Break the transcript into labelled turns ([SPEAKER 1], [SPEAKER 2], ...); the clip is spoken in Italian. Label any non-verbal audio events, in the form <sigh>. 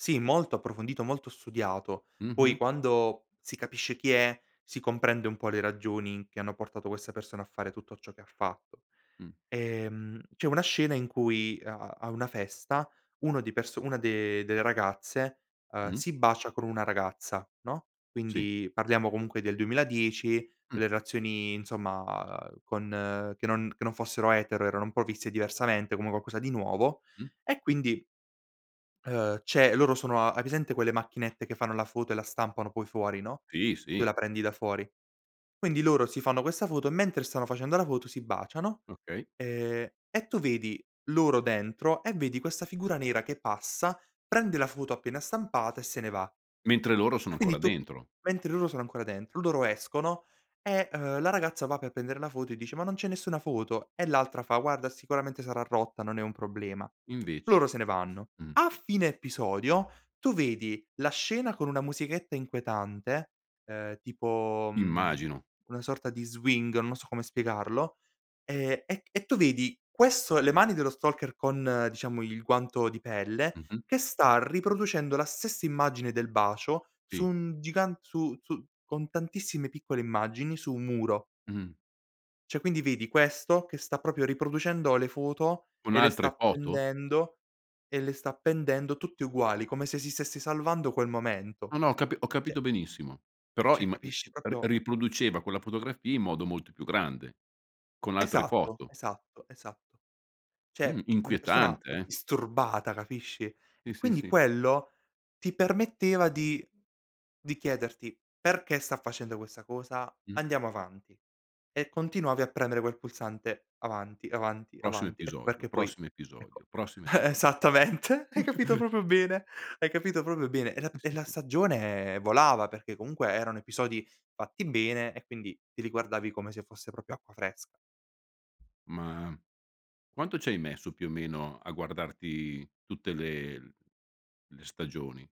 [SPEAKER 1] Sì, molto approfondito, molto studiato. Poi
[SPEAKER 2] Mh-mh.
[SPEAKER 1] quando si capisce chi è, si comprende un po' le ragioni che hanno portato questa persona a fare tutto ciò che ha fatto.
[SPEAKER 2] Mh.
[SPEAKER 1] Ehm, c'è una scena in cui a a a una festa, uno di perso una de delle ragazze, uhm,
[SPEAKER 2] Mh.
[SPEAKER 1] si bacia con una ragazza, no.
[SPEAKER 2] Sì.
[SPEAKER 1] Quindi parliamo comunque del 2010,
[SPEAKER 2] Mh.
[SPEAKER 1] le relazioni insomma con che non che non fossero etero, erano un po' viste diversamente come un qualcosa di nuovo,
[SPEAKER 2] Mh.
[SPEAKER 1] e quindi ehm, c'è loro sono a hai presente quelle macchinette che fanno la foto e la stampano poi fuori, no,
[SPEAKER 2] Sì,
[SPEAKER 1] tu
[SPEAKER 2] sì.
[SPEAKER 1] la prendi da fuori. Quindi loro si fanno questa foto e mentre stanno facendo la foto si baciano
[SPEAKER 2] Okay.
[SPEAKER 1] e e tu vedi loro dentro e vedi questa figura nera che passa, prende la foto appena stampata e se ne va.
[SPEAKER 2] Mentre loro sono
[SPEAKER 1] E
[SPEAKER 2] ancora
[SPEAKER 1] quindi tu
[SPEAKER 2] dentro.
[SPEAKER 1] mentre loro sono ancora dentro, loro escono e, uhm, la ragazza va per prendere la foto e dice: "Ma non c'è nessuna foto." E l'altra fa: "Guarda sicuramente sarà rotta, non è un problema."
[SPEAKER 2] Invece.
[SPEAKER 1] Loro se ne vanno.
[SPEAKER 2] Mh.
[SPEAKER 1] A fine episodio tu vedi la scena con una musichetta inquietante, ehm, tipo, mhmm,
[SPEAKER 2] Immagino.
[SPEAKER 1] una sorta di swing, non so come spiegarlo, e e e tu vedi questo: le mani dello stalker con, diciamo, il guanto di pelle
[SPEAKER 2] Mh-mh.
[SPEAKER 1] che sta riproducendo la stessa immagine del bacio su
[SPEAKER 2] Sì.
[SPEAKER 1] un gigant su su con tantissime piccole immagini su un muro.
[SPEAKER 2] Mh.
[SPEAKER 1] Cioè quindi vedi questo che sta proprio riproducendo le foto
[SPEAKER 2] Con
[SPEAKER 1] e le sta
[SPEAKER 2] altre foto?
[SPEAKER 1] appendendo e le sta appendendo tutte uguali, come se si stesse salvando quel momento.
[SPEAKER 2] No, no, ho capi ho
[SPEAKER 1] Cioè
[SPEAKER 2] capito benissimo. Però
[SPEAKER 1] cioè
[SPEAKER 2] imma i
[SPEAKER 1] capisci
[SPEAKER 2] ri
[SPEAKER 1] proprio
[SPEAKER 2] riproduceva quella fotografia in modo molto più grande, con altre
[SPEAKER 1] Esatto,
[SPEAKER 2] foto.
[SPEAKER 1] esatto, esatto.
[SPEAKER 2] Mh,
[SPEAKER 1] Cioè una persona,
[SPEAKER 2] inquietante
[SPEAKER 1] uhm,
[SPEAKER 2] eh.
[SPEAKER 1] disturbata, capisci.
[SPEAKER 2] Sì,
[SPEAKER 1] E
[SPEAKER 2] sì,
[SPEAKER 1] quindi
[SPEAKER 2] sì.
[SPEAKER 1] quello ti permetteva di di chiederti: "Perché sta facendo questa cosa?"
[SPEAKER 2] Mh.
[SPEAKER 1] Andiamo avanti. E continuavi a premere quel pulsante avanti, avanti,
[SPEAKER 2] Prossimo
[SPEAKER 1] avanti. Ecco
[SPEAKER 2] episodio,
[SPEAKER 1] perché poi,
[SPEAKER 2] prossimo
[SPEAKER 1] ecco
[SPEAKER 2] episodio, prossimo episo
[SPEAKER 1] <chuckles> esattamente, hai capito
[SPEAKER 2] <chuckles>
[SPEAKER 1] proprio bene, hai capito proprio bene. E la
[SPEAKER 2] Sì,
[SPEAKER 1] e
[SPEAKER 2] sì,
[SPEAKER 1] la
[SPEAKER 2] sì.
[SPEAKER 1] stagione, eh, volava perché comunque erano episodi fatti bene e quindi te li guardavi come se fosse proprio acqua fresca.
[SPEAKER 2] Ma, mhmm, quanto ci hai messo più o meno a guardarti tutte le l le stagioni?